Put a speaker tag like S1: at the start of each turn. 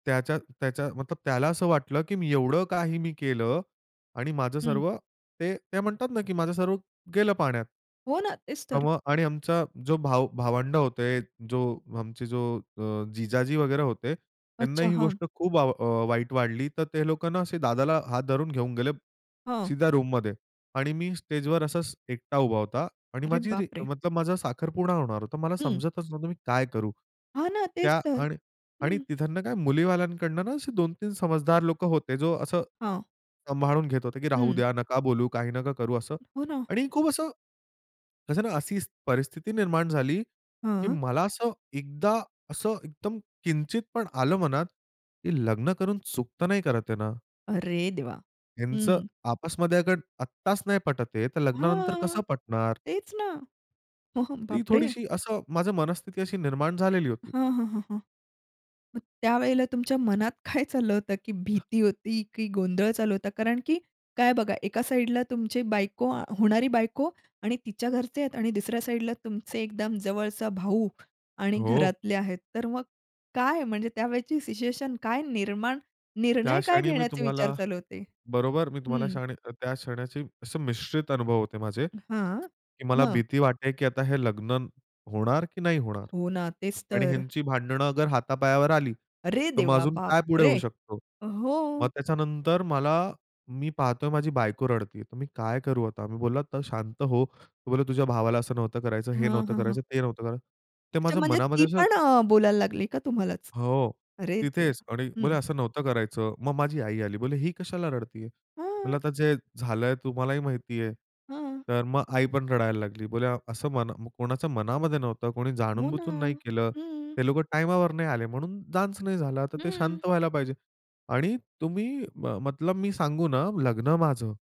S1: त्याच्या त्याच्या मतलब त्याला असं वाटलं, की मी एवढं काही मी केलं आणि माझं
S2: हं.
S1: सर्व ते ते म्हणतात ना, की माझं सर्व गेलं पाण्यात.
S2: हो ना. तेच तर.
S1: मग आणि आमचा जो भाव भावंड होते, जो आमचे जो अ, जिजाजी वगैरे होते, त्यांना
S2: अच्छा.
S1: ही
S2: हां.
S1: गोष्ट खूप आव वाईट वाटली. तर ते लोकांना असे दादाला हात धरून घेऊन गेले
S2: हं.
S1: सीधा रूममध्ये. आणि मी स्टेजवर असाच एकटा उभा होता आणि
S2: अरे
S1: माझी
S2: बाप रे!
S1: मतलब, माझा साखरपुडा होणार होता. मला
S2: हं.
S1: समजतच नव्हतं, मी काय करू?
S2: हां ना, तेच
S1: त्या
S2: तर.
S1: आणि आणि
S2: हं.
S1: तिथनं काय. मुलीवाल्यांकडून असे 2-3 समजदार लोक होते, जो असं
S2: हां.
S1: सांभाळून घेत होते, की राहू
S2: हं.
S1: द्या नका बोलू, काही नका करू असं
S2: हो ना.
S1: आणि खूप असं, कसं ना अशी परिस्थिती निर्माण झाली की
S2: हां.
S1: मला असं एकदा असं एकदम किंचित पण आलं मनात की लग्न करून चुकतं नाही करत ये ना.
S2: अरे देवा!
S1: त्यांचं
S2: हं.
S1: आपसमध्ये अगर आत्ताच नाही पटत हे, तर लग्नानंतर
S2: हां
S1: कसं पटणार?
S2: तेच ना. हां. हं.
S1: ती
S2: बाप रे!
S1: थोडीशी असं माझं मनस्थिती अशी निर्माण झालेली होती.
S2: हां, हां, हां, हां. मग त्यावेळेला तुमच्या मनात काय चाललं होतं? की भीती होती की गोंधळ चालू होता? कारण की काय बघा, एका साइडला तुमची बायको, होणारी बायको आणि तिच्या घरचे आहेत आणि दुसऱ्या साइडला तुमचे एकदम जवळचा भाऊ आणि
S1: हो.
S2: घरातले आहेत. तर मग काय म्हणजे त्यावेळची सिच्युएशन काय निर्माण
S1: त्या
S2: निर्णय काय
S1: क्षणी मी
S2: घेण्याचे विचार
S1: तुम्हाला,
S2: चालू होते?
S1: बरोबर मी तुम्हाला
S2: हं.
S1: क्षणी त्या क्षणाचे असे मिश्रित अनुभव होते माझे.
S2: हां,
S1: की मला
S2: हां.
S1: भीती वाटते की आता हे लग्न होणार की नाही होणार?
S2: हो ना. तेच
S1: आणि
S2: तर.
S1: ह्यांची भांडणं अगर हातापायावर आली,
S2: अरे
S1: तर मग
S2: देवा!
S1: अजून
S2: बाप
S1: काय पुढे
S2: रे!
S1: होऊ शकतो? मग
S2: हो.
S1: त्याच्यानंतर मला, मी पाहतोय माझी बायको रडतेय. तर मी काय करू आता? मी बोलला तर शांत हो. तो बोलला, तुझ्या भावाला असं नव्हतं करायचं, हे
S2: हं,
S1: नव्हतं
S2: हं, हं.
S1: करायचं, ते नव्हतं करायचं. ते
S2: अच्छा
S1: माझ्या
S2: म्हणजे ती
S1: मनामध्ये असं
S2: पण अ, बोलायला लागली का तुम्हालाच?
S1: हो.
S2: अरे देवा!
S1: तिथेच आणि
S2: हं.
S1: बोलली असं नव्हतं करायचं. मग माझी आई आली, बोलली ही कशाला रडतीये? म्हणलं
S2: हं.
S1: आता जे झालंय तुम्हालाही माहिती आहे.
S2: हां.
S1: तर मग आई पण रडायला लागली. बोलली असं मन कोणाच्या मनामध्ये नव्हतं कोणी
S2: हो ना,
S1: जाणूनबुजून नाही केलं.
S2: हं.
S1: ते लोकं टाईमावर नाही आले. म्हणून डान्स नाही झाला. तर ते
S2: हं.
S1: शांत व्हायला पाहिजे. आणि तुम्ही मतलब, मी सांगू ना, लग्न माझं